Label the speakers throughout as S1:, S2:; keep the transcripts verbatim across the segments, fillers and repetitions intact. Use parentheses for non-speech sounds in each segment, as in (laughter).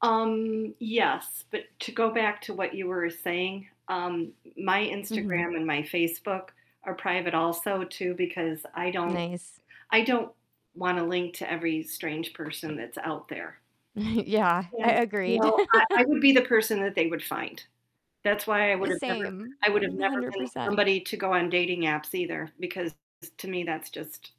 S1: Um, yes, but to go back to what you were saying, um, my
S2: Mhm.
S1: Instagram and my Facebook are private also too, because I don't
S2: Nice.
S1: I don't wanna link to every strange person that's out there.
S2: (chuckles) Yeah,
S1: And,
S2: a
S1: you
S2: agreed.
S1: know, I I
S2: (laughs)
S1: would be the person that they would find. That's why I
S2: Uh,
S1: would've never
S2: same,
S1: I would've
S2: one
S1: never
S2: hundred
S1: been
S2: percent.
S1: somebody to go on dating apps either because to me that's just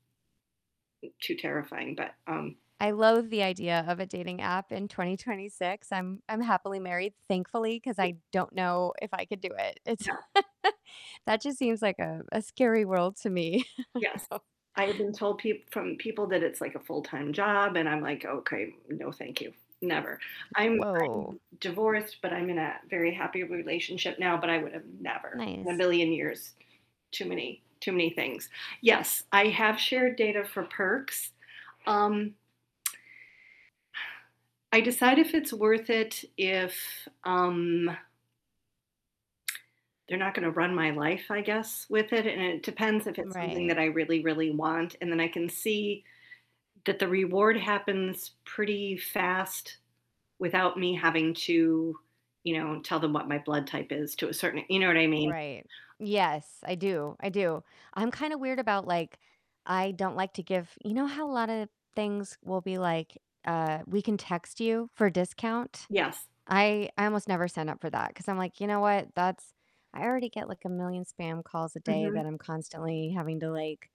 S1: m too terrifying, but, um
S2: I loathe the idea of a dating app in twenty twenty six, I'm I'm happily married, thankfully, 'cause I don't know if I could do it. It's
S1: Yeah.
S2: (laughs) that just seems like a a scary world to me.
S1: Yes.
S2: (chuckles)
S1: I have been told peop from people that it's, like, a full-time job, and I'm, like, "Okay, no thank you. Never." I'm I'm
S2: Whoa.
S1: divorced, but I'm in a very happy relationship now, but I would've never in a
S2: Nice.
S1: billion years. Too many too many things, yes, I have shared data for perks. Um, (tsk) (exhales) I decide if it's worth it if, um they're not gonna run my life, I guess, with it, and it depends if
S2: Mm,
S1: it's something
S2: right.
S1: that I really, really want, and then I can see that the reward happens pretty fast without me having to, you know, tell them what my blood type is to a certain you know what I mean?
S2: Right. Yes, I do, I do. I'm kinda weird about, like, I don't like to give you know how a lot of things will be, like, uh, "We can text you for a discount"?
S1: Yes.
S2: I I almost never sign up for that 'cause I'm, like, you know what? That's I already get, like, a million spam calls a day
S1: Mhm.
S2: that I'm constantly having to, like,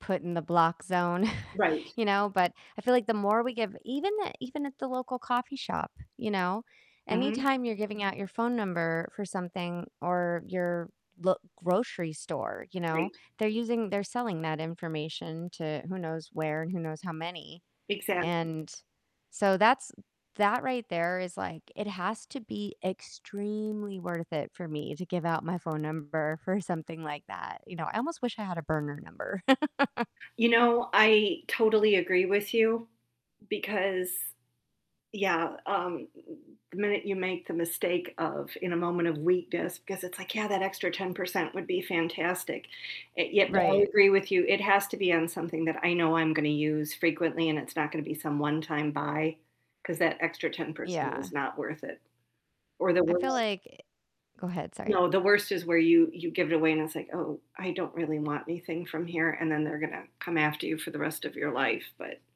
S2: put in the block zone, (chuckles)
S1: Right.
S2: you know? But I feel,
S1: (unintelligible)
S2: like, the more we give even at even at the local coffee shop, you know?
S1: Mhm.
S2: Anytime you're giving out your phone number for something or your lo grocery store, you know,
S1: Right.
S2: they're using they're selling that information to who knows where and who knows how many,
S1: Exactly.
S2: and, so that's that right there is, like, it has to be extremely worth it for me to give out my phone number for something like that. You know, I almost wish I had a burner number. (laughs)
S1: You know, I totally agree with you because yeah, um, the minute you make the mistake of in a moment of weakness, because it's, like, "Yeah, that extra ten percent would be fantastic," yet, but I
S2: Right.
S1: agree with you, it has to be on something that I know I'm gonna use frequently and it's not gonna be some one-time buy 'cause that extra ten percent
S2: Yeah.
S1: is not worth it. Or the
S2: I feel,
S1: worst
S2: like, eh Go ahead, sorry.
S1: No, the worst is where you you give it away and it's, like, "Oh, I don't really want anything from here," and then they're gonna come after you for the rest of your life, but